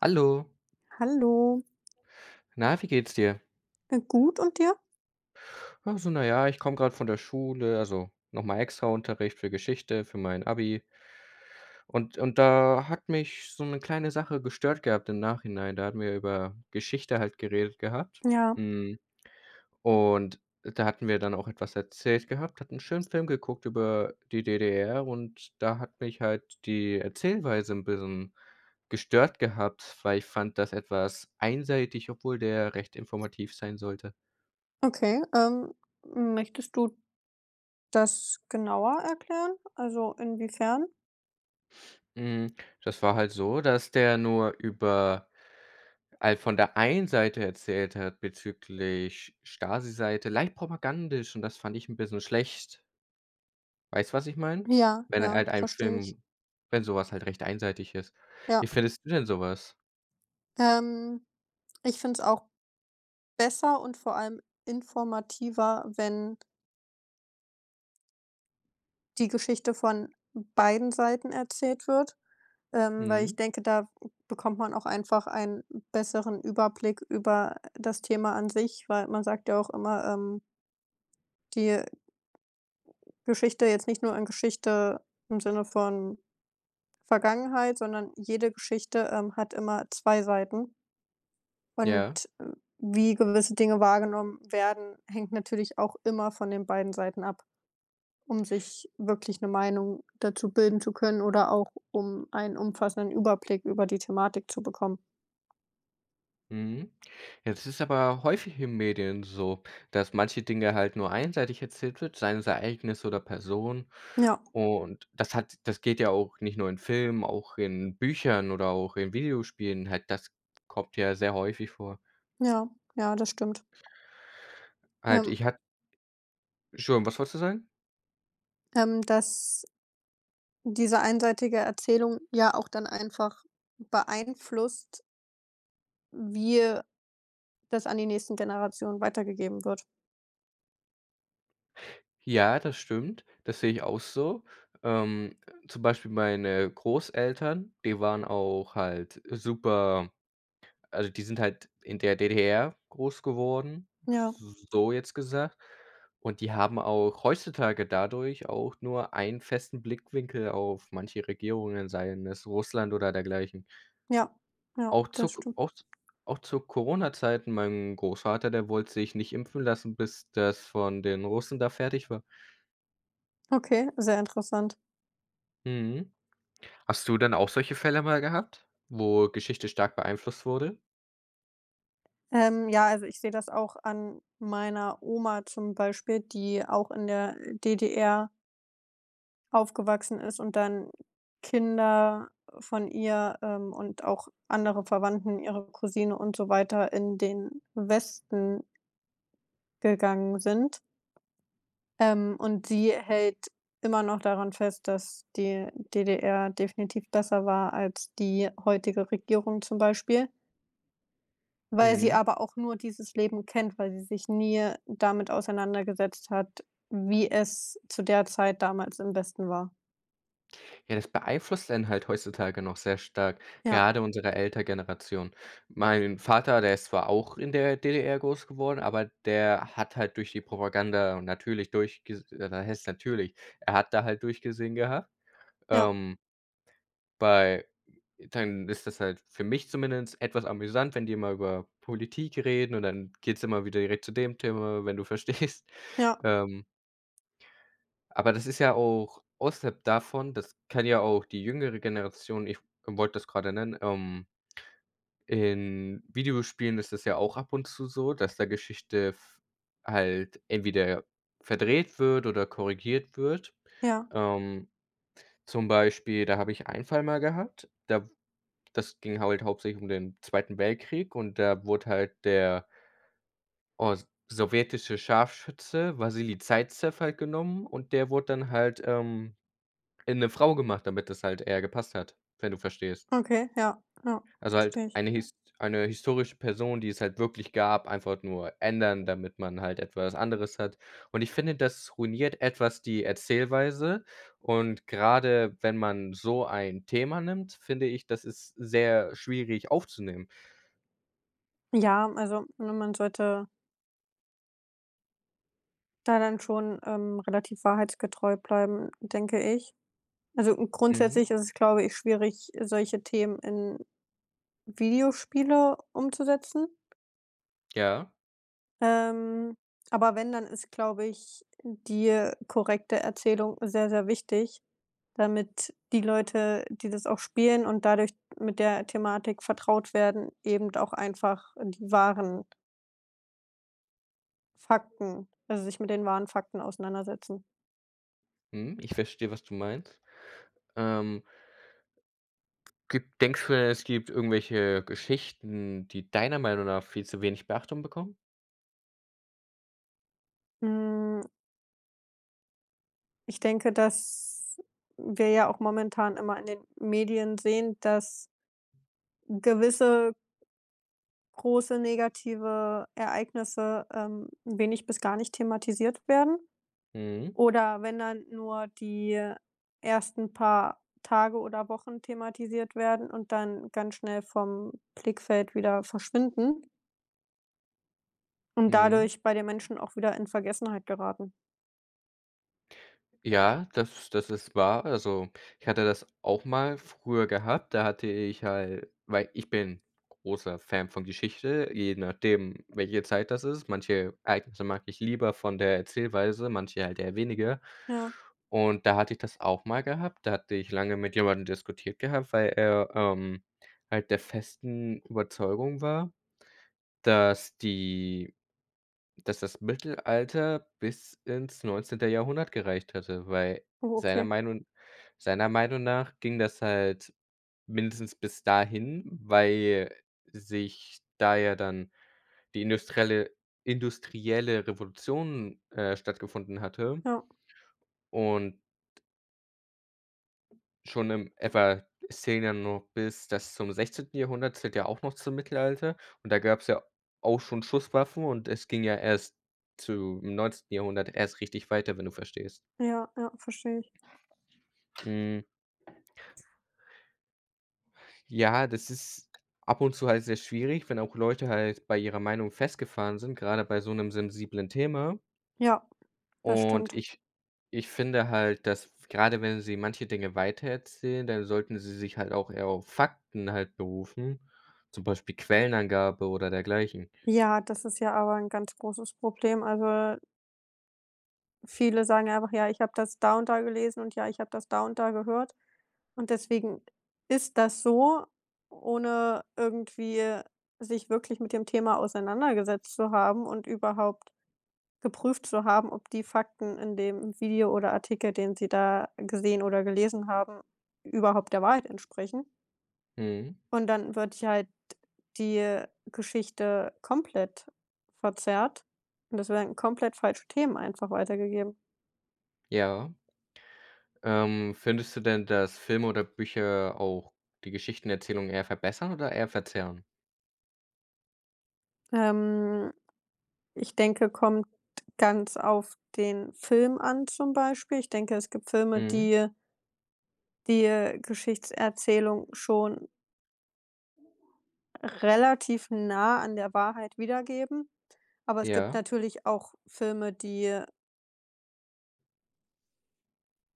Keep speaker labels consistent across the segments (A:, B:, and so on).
A: Hallo.
B: Hallo.
A: Na, wie geht's dir?
B: Äh, gut, und dir?
A: Ach, so, na ja, ich komme gerade von der Schule, also, nochmal extra Unterricht für Geschichte, für mein Abi. Und und da hat mich so 'ne kleine Sache gestört gehabt im Nachhinein. Da hatten wir über Geschichte halt geredet gehabt.
B: Ja.
A: Mhm, und da hatten wir dann auch etwas erzählt gehabt, hatten 'n schönen Film geguckt über die DDR und da hat mich halt die Erzählweise 'n bisschen gestört gehabt, weil ich fand das etwas einseitig, obwohl der recht informativ sein sollte.
B: Okay, ähm, m möchtest du das genauer erklären, also, inwiefern?
A: Hm, das war halt so, dass der nur über all von der einen Seite erzählt hat bezüglich Stasi-Seite leicht propagandisch, und das fand ich 'n bisschen schlecht. Weißt du, was ich meine?
B: Ja,
A: Wenn
B: ja,
A: halt ein
B: verstehe ich.
A: Film wenn sowas halt recht einseitig ist.
B: Ja.
A: Wie findest du denn sowas?
B: Ähm, ich finde es auch besser und vor allem informativer, wenn die Geschichte von beiden Seiten erzählt wird. Ähm, weil ich
A: Mhm.
B: denke, da bekommt man auch einfach einen besseren Überblick über das Thema an sich, weil man sagt ja auch immer, ähm die Geschichte, jetzt nicht nur in Geschichte, im Sinne von Vergangenheit, sondern jede Geschichte, ähm, hat immer 2 Seiten.
A: Ja.
B: Und w wie gewisse Dinge wahrgenommen werden, hängt natürlich auch immer von den beiden Seiten ab. Um sich wirklich 'ne Meinung dazu bilden zu können oder auch um einen umfassenden Überblick über die Thematik zu bekommen.
A: Mhm. Jetzt ist es aber häufig in den Medien so, dass manche Dinge halt nur einseitig erzählt wird, seien es Ereignisse oder Personen.
B: Ja.
A: Und das hat das geht ja auch nicht nur in Filmen, auch in Büchern oder auch in Videospielen, halt, das kommt ja sehr häufig vor.
B: Ja, ja, das stimmt.
A: Halt
B: Ähm.
A: ich hat Entschuldigung, was wolltest du sagen?
B: Ähm, dass diese einseitige Erzählung ja auch dann einfach beeinflusst wie, äh, das an die nächsten Generationen weitergegeben wird.
A: Ja, das stimmt. Das sehe ich auch so. Ähm, zum Beispiel meine Großeltern, die waren auch halt super also, die sind halt in der DDR groß geworden,
B: Ja.
A: s so jetzt gesagt. Und die haben auch heutzutage dadurch auch nur einen festen Blickwinkel auf manche Regierungen, seien es Russland oder dergleichen.
B: Ja, ja,
A: Auch zu
B: das
A: k
B: stimmt.
A: auch z auch zu Corona-Zeiten, mein Großvater, der wollte sich nicht impfen lassen, bis das von den Russen da fertig war.
B: Okay, sehr interessant.
A: Mhm. Hast du denn auch solche Fälle mal gehabt, wo Geschichte stark beeinflusst wurde?
B: Ähm, ja, also, ich sehe das auch an meiner Oma zum Beispiel, die auch in der DDR Aufgewachsen ist und dann Kinder von ihr, ähm, und auch andere Verwandten, ihre Cousine und so weiter in den Westen gegangen sind. Ähm, und sie hält immer noch daran fest, dass die DDR definitiv besser war als die heutige Regierung zum Beispiel weil sie
A: Mhm.
B: aber auch nur dieses Leben kennt. Weil sie sich nie, äh, damit auseinandergesetzt hat, wie es zu der Zeit damals im Westen war.
A: Ja, das beeinflusst einen halt heutzutage noch sehr stark,
B: Ja.
A: gerade unsere Eltern-Generation. Mein Vater, der ist zwar auch in der DDR groß geworden, aber der hat halt durch die Propaganda und natürlich durchges äh, was heißt natürlich, er hat da halt durchgesehen gehabt,
B: Ja.
A: ähm bei dann ist das halt für mich zumindest etwas amüsant, wenn die immer über Politik reden und dann geht's immer wieder direkt zu dem Thema, wenn du verstehst,
B: Ja.
A: ähm aber das ist ja auch außerhalb davon, das kann ja auch die jüngere Generation ich wollte das gerade nennen, ähm In Videospielen ist das ja auch ab und zu so, dass da Geschichte f halt entweder verdreht wird oder korrigiert wird.
B: Ja.
A: Ähm, zum Beispiel, da habe ich einen Fall mal gehabt. Da w das ging halt halt hauptsächlich um den Zweiten Weltkrieg und da wurde halt der os sowjetische Scharfschütze Wassili Saizew halt genommen. Und der wurde dann halt, ähm, in 'ne Frau gemacht, damit das halt eher gepasst hat, wenn du verstehst.
B: Okay, ja, ja,
A: Also halt
B: verstehe ich.
A: eine hist eine historische Person, die es halt wirklich gab, einfach nur ändern, damit man halt etwas anderes hat. Und ich finde, das ruiniert etwas die Erzählweise. Und gerade wenn man so ein Thema nimmt, finde ich, das ist sehr schwierig aufzunehmen.
B: Ja, also, ne, man sollte da dann schon, ähm, relativ wahrheitsgetreu bleiben, denke ich. Also
A: Mhm.
B: grundsätzlich ist es, glaube ich, schwierig, solche Themen in Videospiele umzusetzen
A: Ja.
B: ähm, aber wenn, dann ist, glaube ich, die, äh, korrekte Erzählung sehr, sehr wichtig, damit die Leute, die das auch spielen und dadurch mit der Thematik vertraut werden, eben d auch einfach die wahren Fakten, also sich mit den wahren Fakten auseinandersetzen.
A: Mhm, ich verstehe, was du meinst, ähm. Gibt denkst du, denn es gibt irgendwelche Geschichten, die deiner Meinung nach viel zu wenig Beachtung bekommen?
B: Hm. Ich denke, dass wir ja auch momentan immer in den Medien sehen, dass gewisse große negative Ereignisse, ähm, wenig bis gar nicht thematisiert werden
A: Mhm.
B: oder wenn dann nur die ersten paar Tage oder Wochen thematisiert werden und dann ganz schnell vom Blickfeld wieder verschwinden. Und
A: Mhm.
B: dadurch bei den Menschen auch wieder in Vergessenheit geraten.
A: Ja, das, das ist wahr. Also, ich hatte das auch mal früher gehabt. Da hatte ich halt weil ich bin großer Fan von Geschichte, je nachdem, welche Zeit das ist. Manche Ereignisse mag ich lieber von der Erzählweise, manche halt eher weniger.
B: Ja.
A: Und da hatte ich das auch mal gehabt, da hatte ich lange mit jemandem diskutiert gehabt, weil er, ähm, halt der festen Überzeugung war, dass die dass das Mittelalter bis ins 19. Jahrhundert gereicht hätte, weil
B: Oh
A: seiner
B: okay.
A: Meinung seiner Meinung nach ging das halt mindestens bis dahin, weil, äh, sich da ja dann die industrielle industrielle Revolution, äh, stattgefunden hatte
B: Ja.
A: und schon in f a es zählen ja nur bis das zum 16. Jahrhundert zählt ja auch noch zum Mittelalter und da gab's ja auch schon Schusswaffen und es ging ja erst zum 19. Jahrhundert erst richtig weiter, wenn du verstehst?
B: Ja, ja, verstehe ich.
A: Hm. Ja, das ist ab und zu halt sehr schwierig, wenn auch Leute halt bei ihrer Meinung festgefahren sind, gerade bei so 'nem sensiblen Thema.
B: Ja, das
A: Und
B: stimmt.
A: ich, ich finde halt, dass f gerade wenn sie manche Dinge weitererzählen, dann sollten sie sich halt auch eher auf Fakten halt berufen, zum Beispiel Quellenangabe oder dergleichen.
B: Ja, das ist ja aber ein ganz großes Problem, also äh. Viele sagen einfach: „Ja, ich habe das da und da gelesen und ja, ich habe das da und da gehört“. Und deswegen ist das so, ohne irgendwie sich wirklich mit dem Thema auseinandergesetzt zu haben und überhaupt geprüft zu haben, ob die Fakten in dem Video oder Artikel, den sie da gesehen oder gelesen haben, überhaupt der Wahrheit entsprechen
A: Mhm.
B: und dann wird ja halt die, äh, Geschichte komplett verzerrt und es werden komplett falsche Themen einfach weitergegeben.
A: Ja. Ähm, findest du denn, dass Filme oder Bücher auch die Geschichtenerzählung eher verbessern oder eher verzerren?
B: Ähm, ich denke, kommt ganz auf den Film an, zum Beispiel. Ich denke, es gibt Filme,
A: Mhm.
B: die, äh die, äh, Geschichtserzählung schon relativ nah an der Wahrheit wiedergeben. Aber es gibt
A: Ja.
B: natürlich auch Filme, die, äh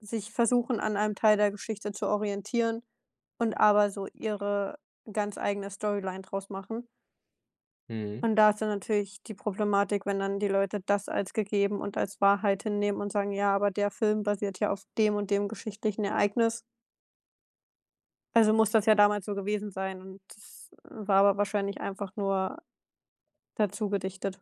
B: Sich versuchen, an einem Teil der Geschichte zu orientieren, und aber so ihre ganz eigene Storyline draus machen.
A: Mhm.
B: Und da ist dann natürlich die Problematik, wenn dann die Leute das als gegeben und als Wahrheit hinnehmen und sagen: „Ja, aber der Film basiert ja auf dem und dem geschichtlichen Ereignis.“ Also muss das ja damals so gewesen sein, und das war aber wahrscheinlich einfach nur dazugedichtet.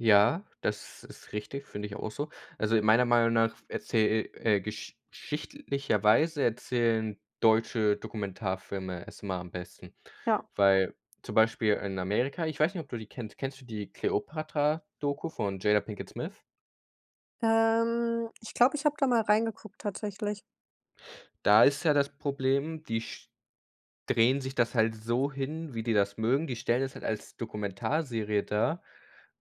A: Ja, das ist richtig, finde ich a auch so. Also in meiner Meinung nach f erzähl e äh, gesch schichtlicherweise erzählen deutsche Dokumentarfilme es immer am besten.
B: Ja.
A: Weil, zum Beispiel in Amerika ich weiß nicht, ob du die kennst. Kennst du die Kleopatra-Doku von Jada Pinkett Smith?
B: Ähm, ich glaube, ich habe da mal reingeguckt tatsächlich.
A: Da ist ja das Problem, die sch drehen sich das halt so hin, wie die das mögen. Die stellen das halt als Dokumentarserie dar,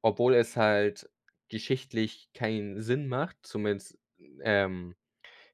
A: obwohl es halt geschichtlich keinen Sinn macht, zumindest, n ähm,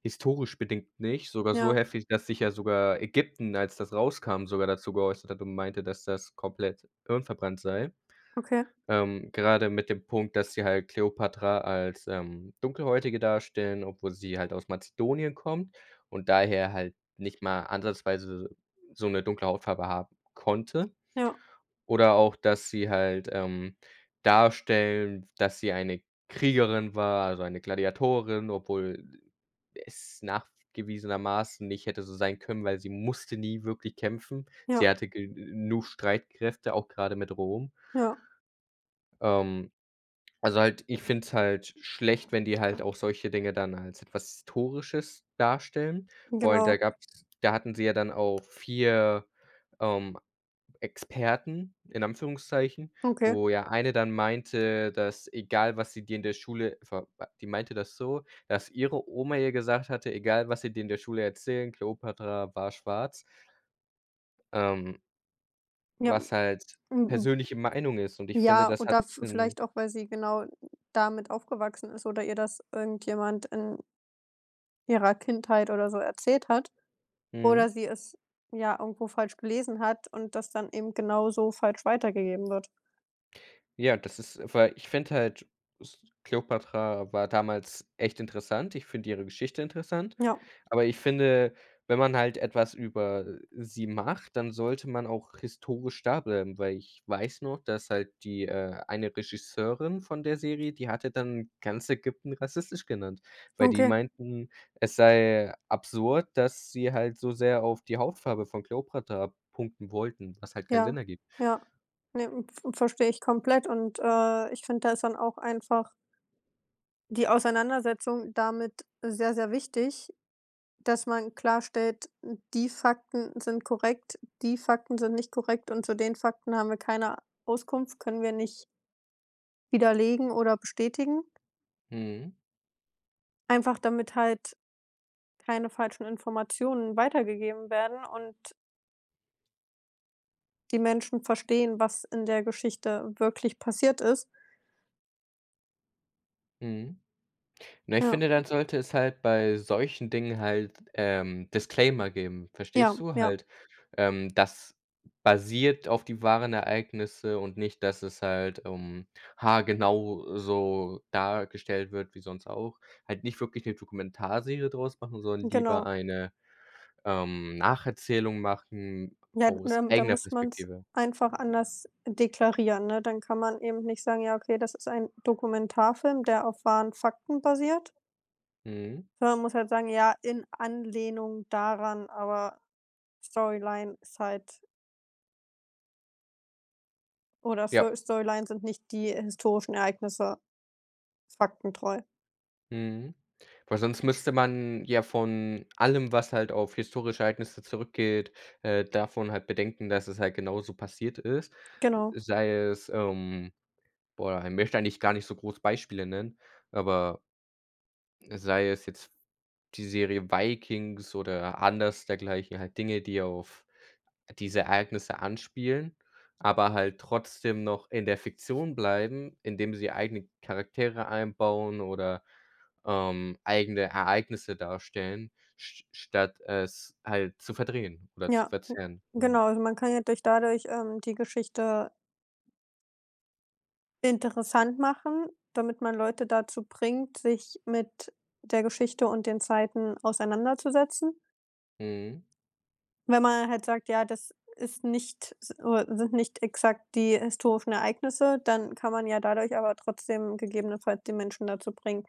A: historisch bedingt nicht, sogar so
B: Ja.
A: heftig, dass sich ja sogar Ägypten, als das rauskam, sogar dazu geäußert hat und meinte, dass das komplett hirnverbrannt sei.
B: Okay.
A: Ähm, gerade mit dem Punkt, dass sie halt Kleopatra als, ähm, Dunkelhäutige darstellen, obwohl sie halt aus Mazedonien kommt und daher halt nicht mal ansatzweise s so 'ne dunkle Hautfarbe haben konnte.
B: Ja.
A: Oder auch, dass sie halt, ähm, darstellen, dass sie eine Kriegerin war, also eine Gladiatorin, obwohl d es nachgewiesenermaßen nicht hätte so sein können, weil sie musste nie wirklich kämpfen. Sie
B: Ja.
A: hatte genug Streitkräfte, auch grade mit Rom.
B: Ja.
A: Ähm, also halt ich finde es halt schlecht, wenn die halt auch solche Dinge dann als etwas Historisches darstellen. Vor allem da
B: Genau.
A: gab's da hatten sie ja dann auch 4, ähm, Experten in Anführungszeichen,
B: Okay.
A: wo ja eine dann meinte, dass: „Egal, was sie dir in der Schule ver b“ Die meinte das so, dass ihre Oma ihr gesagt hatte: „Egal, was sie dir in der Schule erzählen, Kleopatra war schwarz.“ Ähm.
B: Ja.
A: Was halt
B: Mm
A: persönliche Meinung ist. Und ich finde,
B: ja,
A: das hat
B: oder v
A: 'nen
B: vielleicht auch, weil sie genau damit aufgewachsen ist oder ihr das irgendjemand in ihrer Kindheit oder so erzählt hat oder
A: Mhm.
B: sie es ja irgendwo falsch gelesen hat und das dann eben genau so falsch weitergegeben wird.
A: Ja, das ist weil ich finde halt, s Kleopatra war damals echt interessant. Ich finde ihre Geschichte interessant,
B: Ja.
A: aber ich finde, wenn man halt etwas über, äh, sie macht, dann sollte man auch historisch da bleiben, weil ich weiß noch dass halt die, äh eine Regisseurin von der Serie, die hatte dann ganz Ägypten rassistisch genannt, weil die
B: Okay.
A: meinten, es sei absurd, dass sie halt so sehr auf die Hautfarbe von Kleopatra punkten wollten, was halt keinen
B: Ja,
A: Sinn ergibt.
B: ja. Ne, m v verstehe ich komplett und, äh, ich finde, das ist dann auch einfach die Auseinandersetzung damit sehr, sehr wichtig, dass man klarstellt, die Fakten sind korrekt, die Fakten sind nicht korrekt und zu den Fakten haben wir keine Auskunft, können wir nicht widerlegen oder bestätigen.
A: Mhm.
B: Einfach damit halt keine falschen Informationen weitergegeben werden und die Menschen verstehen, was in der Geschichte wirklich passiert ist.
A: Mhm. Na, ich
B: Ja.
A: finde, dann sollte es halt bei solchen Dingen halt, ähm, Disclaimer geben,
B: Ja,
A: verstehst du?
B: ja.
A: Halt, ähm, dass basiert auf die wahren Ereignisse und nicht, dass es halt, ähm, haargenau so dargestellt wird wie sonst auch. Halt nicht wirklich 'ne Dokumentarserie draus machen, sondern lieber
B: Genau.
A: eine, ähm, Nacherzählung machen
B: Ja,
A: aus
B: ne, da
A: eigener
B: muss man's
A: Perspektive.
B: einfach anders deklarieren, ne? Dann kann man eben nicht sagen: „Ja, okay, das ist ein Dokumentarfilm, der auf wahren Fakten basiert.“
A: Mhm.
B: Sondern muss halt sagen: „Ja, in Anlehnung daran, aber Storyline side.“ Oder Sto
A: Ja.
B: Storylines sind nicht die historischen Ereignisse. Faktentreu.
A: Mhm. Weil sonst müsste man ja von allem, was halt auf historische Ereignisse zurückgeht, äh, davon halt bedenken, dass es halt genauso passiert ist.
B: Genau.
A: Sei es, ähm boah, ich möchte eigentlich gar nicht so groß Beispiele nennen, aber sei es jetzt die Serie Vikings oder anders dergleichen. Halt Dinge, die auf diese Ereignisse anspielen, aber halt trotzdem noch in der Fiktion bleiben, indem sie eigene Charaktere einbauen oder, ähm, eigene Ereignisse darstellen, sch statt es halt zu verdrehen oder zu
B: Ja, n
A: verzerren, hm.
B: genau. Also man kann ja durch dadurch, ähm, die Geschichte Interessant machen, damit man Leute dazu bringt, sich mit der Geschichte und den Zeiten auseinanderzusetzen.
A: Mhm.
B: Wenn man halt sagt: „Ja, das ist nicht, s äh sind nicht exakt die historischen Ereignisse,“ dann kann man ja dadurch aber trotzdem gegebenenfalls die Menschen dazu bringen,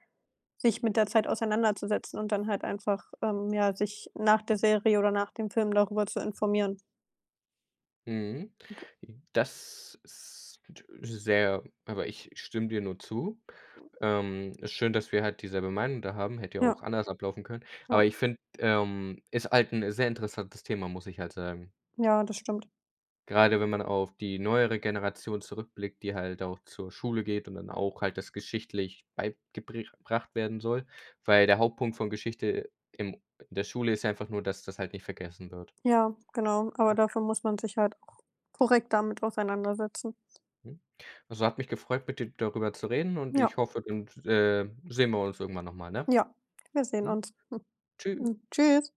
B: sich mit der Zeit auseinanderzusetzen und dann halt einfach, ähm, ja, sich nach der Serie oder nach dem Film darüber zu informieren.
A: Mhm. Das ist sehr aber ich stimme dir nur zu. Ähm, ist schön, dass wir halt dieselbe Meinung da haben, hätte ja auch
B: Ja.
A: anders ablaufen können.
B: Ja.
A: Aber, ich finde, ähm ist halt 'n sehr interessantes Thema, muss ich halt sagen.
B: Ja, das stimmt.
A: Gerade wenn man auf die neuere Generation zurückblickt, die halt auch zur Schule geht und dann auch halt das geschichtlich beigebri gebracht werden soll, weil der Hauptpunkt von Geschichte im in der Schule ist einfach nur, dass das halt nicht vergessen wird.
B: Ja, genau, aber dafür muss man sich halt auch korrekt damit auseinandersetzen.
A: Mhm. Also hat mich gefreut, mit dir darüber zu reden und
B: Ja.
A: ich hoffe, dann s äh, sehen wir uns irgendwann nochmal, ne?
B: Ja, wir sehen
A: Mhm.
B: uns. Mhm.
A: Tschüss.
B: Mhm, tschüss.